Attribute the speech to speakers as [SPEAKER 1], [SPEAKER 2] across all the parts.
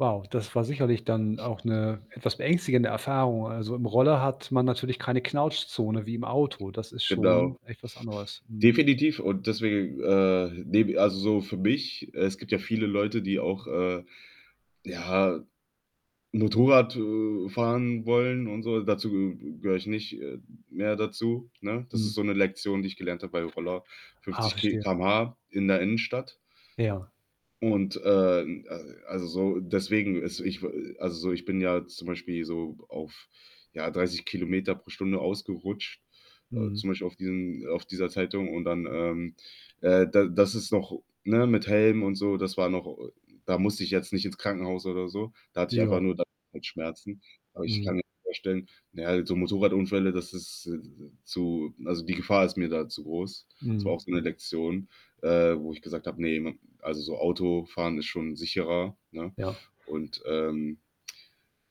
[SPEAKER 1] Wow, das war sicherlich dann auch 'ne etwas beängstigende Erfahrung. Also, im Roller hat man natürlich keine Knautschzone wie im Auto. Das ist schon
[SPEAKER 2] Genau.
[SPEAKER 1] echt was anderes, mhm.
[SPEAKER 2] Definitiv und deswegen, äh, nehme i also, so für mich es gibt ja viele Leute, die auch, äh, ja, Motorrad, äh, fahren wollen und so. Dazu gehöre ich nicht, äh, mehr dazu, ne? Das ist
[SPEAKER 1] Mhm.
[SPEAKER 2] so 'ne Lektion, die ich gelernt habe bei Roller
[SPEAKER 1] Ah,
[SPEAKER 2] 50 Ki
[SPEAKER 1] verstehe.
[SPEAKER 2] Km/h in der Innenstadt.
[SPEAKER 1] Ja.
[SPEAKER 2] Und, ähm, al also, so deswegen ist ich w also, so, ich bin ja zum Beispiel so auf, ja, 30 km pro Stunde ausgerutscht, äh,
[SPEAKER 1] Mhm.
[SPEAKER 2] zum Beispiel auf diesen auf dieser Zeitung und dann, ähm, äh, da das ist noch ne, mit Helm und so, das war noch o da musste ich jetzt nicht ins Krankenhaus oder so. Da hatte ich einfach
[SPEAKER 1] Ja.
[SPEAKER 2] nur da halt Schmerzen. Aber ich
[SPEAKER 1] Mhm.
[SPEAKER 2] kann mir vorstellen na ja, so Motorradunfälle, das ist, äh, zu also, die Gefahr ist mir da zu groß. Es war auch
[SPEAKER 1] Mhm.
[SPEAKER 2] so 'ne Lektion, äh, wo ich gesagt habe: „Ne, hm, also, so Autofahren ist schon sicherer.“, ne?
[SPEAKER 1] Ja.
[SPEAKER 2] Und, ähm,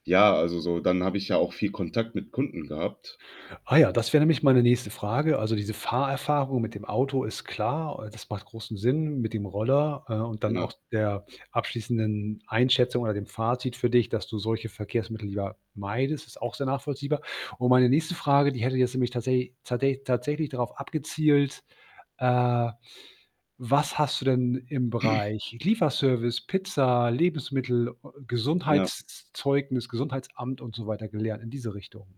[SPEAKER 2] ja also, so, dann habe ich ja auch viel Kontakt mit Kunden gehabt.
[SPEAKER 1] Ah ja, das wäre nämlich meine nächste Frage. Also, diese Fahrerfahrung mit dem Auto ist klar, äh, das macht großen Sinn mit dem Roller, äh, und dann
[SPEAKER 2] Ja.
[SPEAKER 1] auch der abschließenden Einschätzung oder dem Fazit für dich, dass du solche Verkehrsmittel lieber meidest, ist auch sehr nachvollziehbar. Und meine nächste Frage, die hätte jetzt nämlich tatsä tsatä tatsächlich darauf abgezielt, äh, was hast du denn im Bereich Lieferservice, Pizza, Lebensmittel, ö
[SPEAKER 2] Ja.
[SPEAKER 1] Gesundheitszeugnis, Gesundheitsamt und so weiter gelernt in diese Richtung?